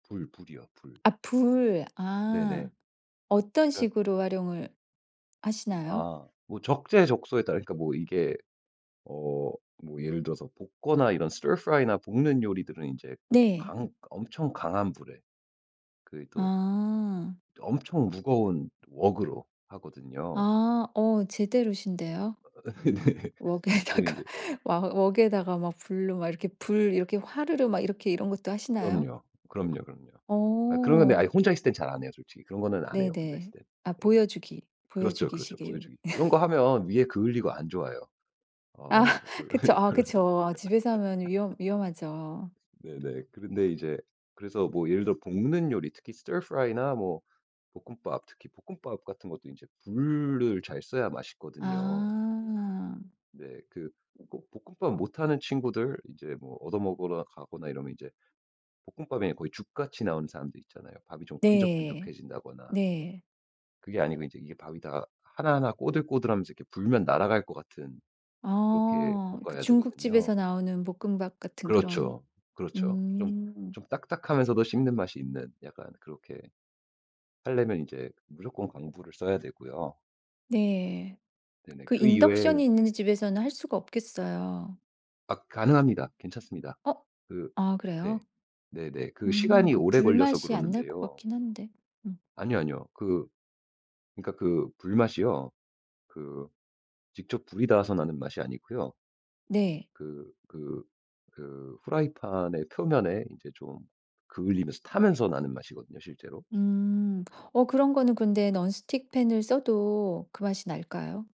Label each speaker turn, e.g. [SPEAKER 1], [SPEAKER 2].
[SPEAKER 1] 불, 불이요. 불.
[SPEAKER 2] 아 불. 아.
[SPEAKER 1] 네네.
[SPEAKER 2] 어떤
[SPEAKER 1] 그
[SPEAKER 2] 식으로 활용을 하시나요?
[SPEAKER 1] 아. 뭐 적재적소에 따라 그러니까 이게 어 뭐 예를 들어서 볶거나 이런 stir fry나 볶는 요리들은 이제
[SPEAKER 2] 네.
[SPEAKER 1] 강 엄청 강한 불에. 그 이 또
[SPEAKER 2] 아.
[SPEAKER 1] 또 엄청 무거운 웍으로 하거든요.
[SPEAKER 2] 아. 어 제대로신데요.
[SPEAKER 1] 어 네. 그래서
[SPEAKER 2] 웍에다가
[SPEAKER 1] 인제
[SPEAKER 2] 와 웍에다가 막 불로 막 이렇게 불 이렇게 화르르 막 이렇게 이런 것도 하시나요?
[SPEAKER 1] 그럼요. 그럼요, 그럼요. 아 그런 근데 아 이
[SPEAKER 2] 어.
[SPEAKER 1] 혼자 있을 땐 잘 안 해요 솔직히. 그런 거는 안 해요, 혼자 있을
[SPEAKER 2] 네네.
[SPEAKER 1] 땐.
[SPEAKER 2] 아
[SPEAKER 1] 네.
[SPEAKER 2] 보여주기
[SPEAKER 1] 그렇죠, 그렇죠.
[SPEAKER 2] 보여주기식에 여기
[SPEAKER 1] 보여주기. 그런 거 하면 위에 그을리고 안 좋아요.
[SPEAKER 2] 아
[SPEAKER 1] 어.
[SPEAKER 2] 그쵸.
[SPEAKER 1] 별로예요.
[SPEAKER 2] 아
[SPEAKER 1] 별로.
[SPEAKER 2] 그쵸. 아 집에서 하면 위험 위험하죠.
[SPEAKER 1] 네네. 그런데 이제 그래서 뭐 예를 들어 볶는 요리, 특히 stir fry나 뭐 볶음밥. 특히 볶음밥 같은 것도 인제 불을 잘 써야 맛있거든요.
[SPEAKER 2] 아.
[SPEAKER 1] 네. 그 꼭 볶음밥 못하는 친구들 이제 뭐 얻어 먹으러 가거나 이러면 이제 볶음밥이 아니라 거의 죽 같이 나오는 사람들 있잖아요. 밥이 좀
[SPEAKER 2] 네.
[SPEAKER 1] 끈적끈적해진다거나.
[SPEAKER 2] 네.
[SPEAKER 1] 그게 아니고 이제 이게 밥이 다 하나하나 꼬들꼬들하면서 이렇게 불면 날아갈 것 같은. 그렇게
[SPEAKER 2] 어. 그
[SPEAKER 1] 볶아야 되거든요.
[SPEAKER 2] 중국집에서 나오는 볶음밥 같은 그런
[SPEAKER 1] 그렇죠. 그렇죠. 좀
[SPEAKER 2] 음.
[SPEAKER 1] 좀 딱딱하면서도 씹는 맛이 있는 약간 그렇게 하려면 이제 무조건 강불을 써야 되고요.
[SPEAKER 2] 네.
[SPEAKER 1] 네네.
[SPEAKER 2] 그
[SPEAKER 1] 그 이외에
[SPEAKER 2] 인덕션이 있는 집에서는 할 수가 없겠어요.
[SPEAKER 1] 아 가능합니다. 괜찮습니다.
[SPEAKER 2] 어?
[SPEAKER 1] 그
[SPEAKER 2] 아 그래요?
[SPEAKER 1] 네. 네네. 그
[SPEAKER 2] 음
[SPEAKER 1] 시간이
[SPEAKER 2] 그
[SPEAKER 1] 오래 걸려서
[SPEAKER 2] 불맛이 안 날 것
[SPEAKER 1] 그러는데요.
[SPEAKER 2] 같긴 한데. 음.
[SPEAKER 1] 아니요, 아니요. 그 그러니까 그 불맛이요. 그 직접 불이 닿아서 나는 맛이 아니고요.
[SPEAKER 2] 네.
[SPEAKER 1] 그 그 그 프라이팬 의 표면에 이제 좀 그을리면서 타면서 나는 맛이거든요 실제로.
[SPEAKER 2] 음. 어 그런 거는 근데 논 스틱 팬을 써도 그 맛이 날까요?